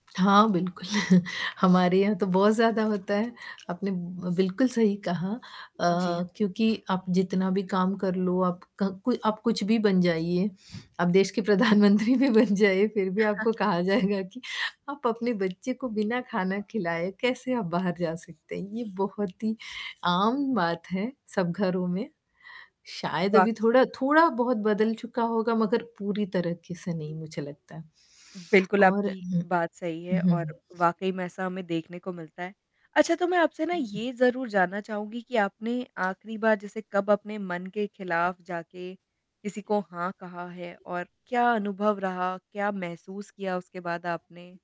हाँ, बिल्कुल, हमारे यहाँ तो बहुत ज़्यादा होता है, आपने ब बिल्कुल सही कहा अ, जी। क्योंकि आप जितना भी काम कर लो आपका को आप कुछ भी बन जाइए, आप देश के प्रधानमंत्री भी बन जाइए फिर भी आपको कहा जाएगा कि, आप अपने बच्चे को बिना खाना खिलाए कैसे आप बाहर जा सकते हैं, ये बहुत ही आम बात है सब घरों में, शायद वाक़ अभी थोड़ा थोड़ा-बहुत बदल चुका होगा, मगर पूरी तरीके से नहीं मुझे लगता है बिल्कुल, और आपकी उहुँ। बात सही है हुँ, और हुँ। वाक़ई में ऐसा हमें देखने को मिलता है। अच्छा, तो मैं आपसे ना ये ज़रूर जानना चाहूँगी कि आपने आखिरी बार जैसे कब अपने मन के खिलाफ़ जाके किसी को हाँ, कहा है और क्या अनुभव रहा, क्या महसूस किया उसके बाद आपने?